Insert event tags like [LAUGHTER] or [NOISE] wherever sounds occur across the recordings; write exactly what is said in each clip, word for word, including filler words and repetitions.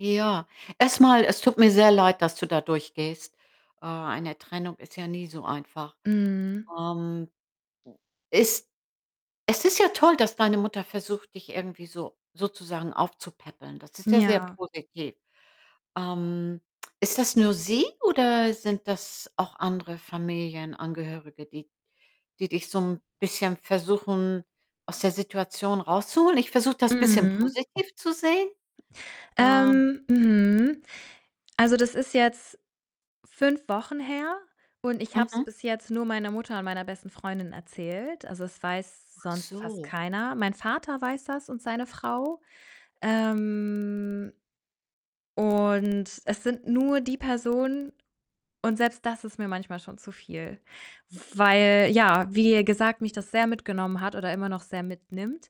Ja. Erst mal, es tut mir sehr leid, dass du da durchgehst. Äh, eine Trennung ist ja nie so einfach. Mhm. Ähm, es es ist ja toll, dass deine Mutter versucht, dich irgendwie so sozusagen aufzupäppeln, das ist ja sehr Ja. positiv. Ähm, ist das nur sie oder sind das auch andere Familienangehörige, die die dich so 'n bisschen versuchen, aus der Situation rauszuholen? Ich versuche, das bisschen Mhm. positiv zu sehen, ähm. Ähm mhm. Also, das ist jetzt fünf Wochen her und ich habe es Mhm. bis jetzt nur meiner Mutter und meiner besten Freundin erzählt. Also, es weiß Ach sonst fast so. keiner. Mein Vater weiß das und seine Frau. Ähm, und es sind nur die Personen und selbst das ist mir manchmal schon zu viel. Weil, ja, wie gesagt, mich das sehr mitgenommen hat oder immer noch sehr mitnimmt.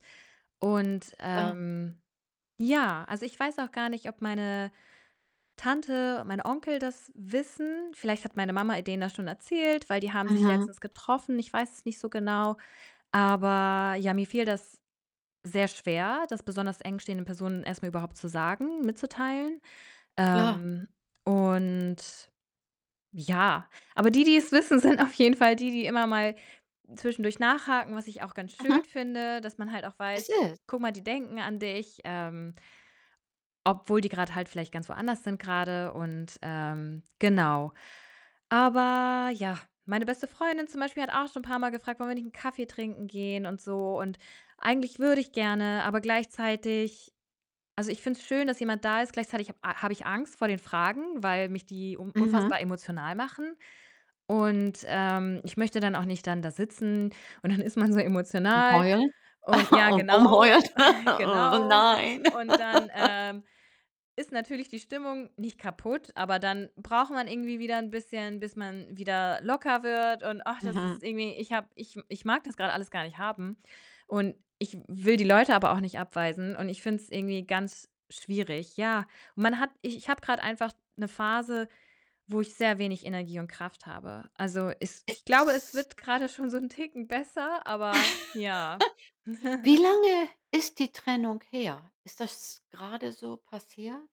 Und, Aha. ähm, ja, also, ich weiß auch gar nicht, ob meine Tante, mein Onkel das wissen, vielleicht hat meine Mama, äh, denen das schon erzählt, weil die haben sich Mhm. letztens getroffen, ich weiß es nicht so genau. Aber, ja, mir fiel das sehr schwer, das besonders eng stehenden Personen erst mal überhaupt zu sagen mitzuteilen. Klar. Ähm, und, ja, aber die die's wissen, sind auf jeden Fall die die immer mal zwischendurch nachhaken, was ich auch ganz schön Mhm. finde, dass man halt auch Es weiß: ist „Guck mal, die denken an dich, ähm“ “obwohl die grad halt vielleicht ganz woanders sind grade” und, ähm genau. Aber, ja, meine beste Freundin zum Beispiel hat auch schon 'n paar Mal gefragt: „Wollen wir nicht 'n Kaffee trinken gehen“ und so. Und eigentlich würde ich gerne, aber gleichzeitig also, ich finde es schön, dass jemand da ist, gleichzeitig ich ha habe ich Angst vor den Fragen, weil mich die un Mhm. unfassbar emotional machen und, ähm, ich möchte dann auch nicht dann da sitzen und dann ist man so Am emotional. heulen? Und ja, [CHUCKLES] [UNINTELLIGIBLE] genau, Rumheulen. [LAUGHS] [CHUCKLES] Oh, genau. nein. Und dann, [LAUGHS] ähm, ist natürlich die Stimmung nicht kaputt, aber dann braucht man irgendwie wieder 'n bisschen, bis man wieder locker wird und ach, das Mhm. ist irgendwie ich habe ich ich mag das grad alles gar nicht haben und ich will die Leute aber auch nicht abweisen und ich finde es irgendwie ganz schwierig. Ja, man hat ich ich habe grad einfach 'ne Phase, wo ich sehr wenig Energie und Kraft habe. Also, es Äh, ich glaube, es s wird grade schon so 'n Ticken besser, aber, ja. [LAUGHS] Wie [CHUCKLES] lange ist die Trennung her? Ist das grade so passiert?